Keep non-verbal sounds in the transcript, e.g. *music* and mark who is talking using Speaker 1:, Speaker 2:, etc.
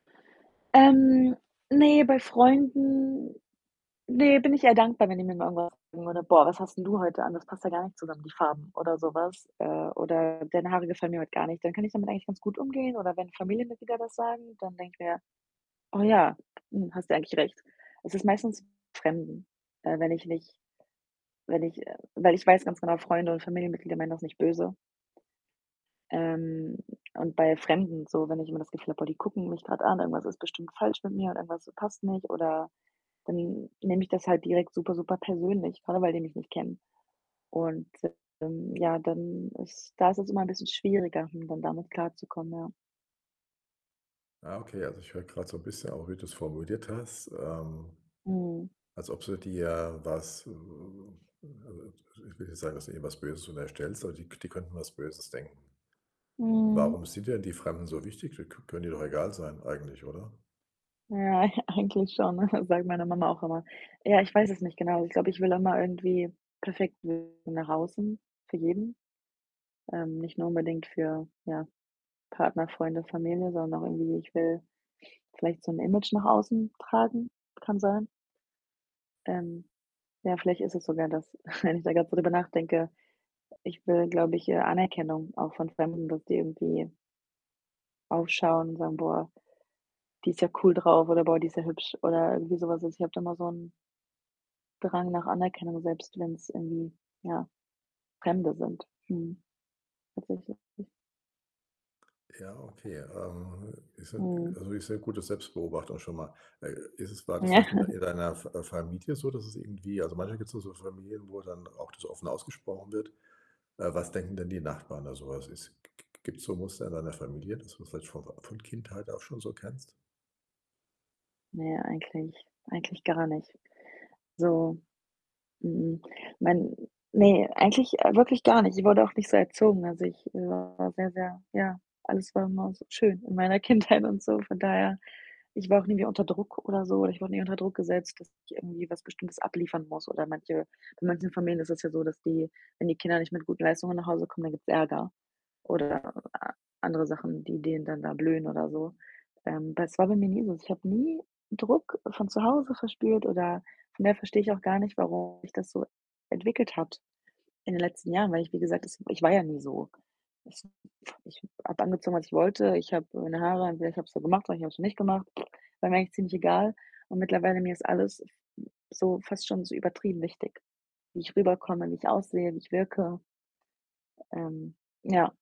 Speaker 1: Ähm, ne, bei Freunden, ne, bin ich eher dankbar, wenn ich mir: *unintelligible* „Boah, was hast 'n du heute an? Das passt ja gar nicht zusammen, die Farben.“ oder so was. Äh, oder: „Deine Haare gefallen mir heut gar nicht.“ Dann kann ich damit eigentlich ganz gut umgehen oder wenn Familienmitglieder das sagen, dann denke ich mir: „Oh, ja, hm, hast du eigentlich recht.“ Es ist meistens Fremden, äh, wenn ich nicht wenn ich, äh weil ich weiß ganz genau, Freunde und Familienmitglieder meinen das nicht böse. Ähm, und bei Fremden so, wenn ich immer das Gefühl habe: „Oh, die gucken mich grad an, irgendwas ist bestimmt falsch mit mir oder irgendwas passt nicht,“ oder dann nehme ich das halt direkt super, super persönlich, grade weil die mich nicht kennen und *unintelligible* ähm, ja, dann ist da ist es immer 'n bisschen schwieriger, hm, dann damit klarzukommen, ja.
Speaker 2: Ah, okay, also, ich höre grad so 'n bisschen auch, wie du's formuliert hast. Ähm,
Speaker 1: Mhm.
Speaker 2: als ob du dir was, also, ich will nicht sagen, dass du eben was Böses und erstellst, aber die k die könnten was Böses denken.
Speaker 1: Mhm.
Speaker 2: Warum sind denn die Fremden so wichtig? K k können dir doch egal sein eigentlich, oder?
Speaker 1: Ja, eigentlich schon, ne, sage ich meiner Mama auch immer. Ja, ich weiß es nicht genau. Ich glaube, ich will auch mal irgendwie perfekt wirken nach außen für jeden, ähm, nicht nur unbedingt für, ja, Partner, Freunde, Familie, sondern auch irgendwie, ich will vielleicht so 'n Image nach außen tragen kann sein. Ähm, ja, vielleicht ist es sogar das, *chuckles* wenn ich da grad drüber nachdenke. Ich will, glaube ich, äh, Anerkennung auch von Fremden, dass die irgendwie aufschauen und sagen: „Boah, die ist ja cool drauf,“ oder „Boah, die ist ja hübsch“ oder irgendwie so was. Ich habe da mal so 'n Drang nach Anerkennung, selbst wenn's irgendwie, ja, Fremde sind, mhm, tatsächlich.
Speaker 2: Ja, okay, ähm, ist ja
Speaker 1: Mhm.
Speaker 2: also, ist sehr gute Selbstbeobachtung schon mal. Äh, ist es war das
Speaker 1: Ja
Speaker 2: vielleicht in d in
Speaker 1: *chuckles*
Speaker 2: deiner Fa äh, Familie so, dass es irgendwie also, manchmal gibt's nur so Familien, wo dann auch das offen ausgesprochen wird. Äh, was denken denn die Nachbarn da so? Also, es g g g gibt's so Muster in deiner Familie, dass du das vielleicht von Fa von Kindheit auch schon so kennst?
Speaker 1: Na ja, eigentlich eigentlich gar nicht so. Mh-mh, mein ne, eigentlich wirklich gar nicht. Ich wurde auch nicht so erzogen. Also, ich war sehr, sehr ja, alles war immer so schön in meiner Kindheit und so. Von daher, ich war auch nie mehr unter Druck oder so oder ich wurde nie unter Druck gesetzt, dass ich irgendwie was Bestimmtes abliefern muss oder manche bei manchen Familien ist es ja so, dass die, wenn die Kinder nicht mit gut Leistungen nach Hause kommen, dann gibt's Ärger oder a andere Sachen, die denen dann da blühen oder so. Ähm, bei das war bei mir nie so. Ich habe nie Druck von zu Hause verspürt oder von daher verstehe ich auch gar nicht, warum sich das so entwickelt hat in den letzten Jahren, weil ich, wie gesagt, das ich war ja nie so. *unintelligible* ich habe angezogen, was ich wollte, ich habe meine Haare entweder, ich habe sie gemacht, oder ich habe sie nicht gemacht. *lip trill* War mir eigentlich ziemlich egal. Und mittlerweile, mir ist alles f m so fast schon so übertrieben wichtig, wie ich rüberkomme, wie ich aussehe, wie ich wirke Ähm, ja.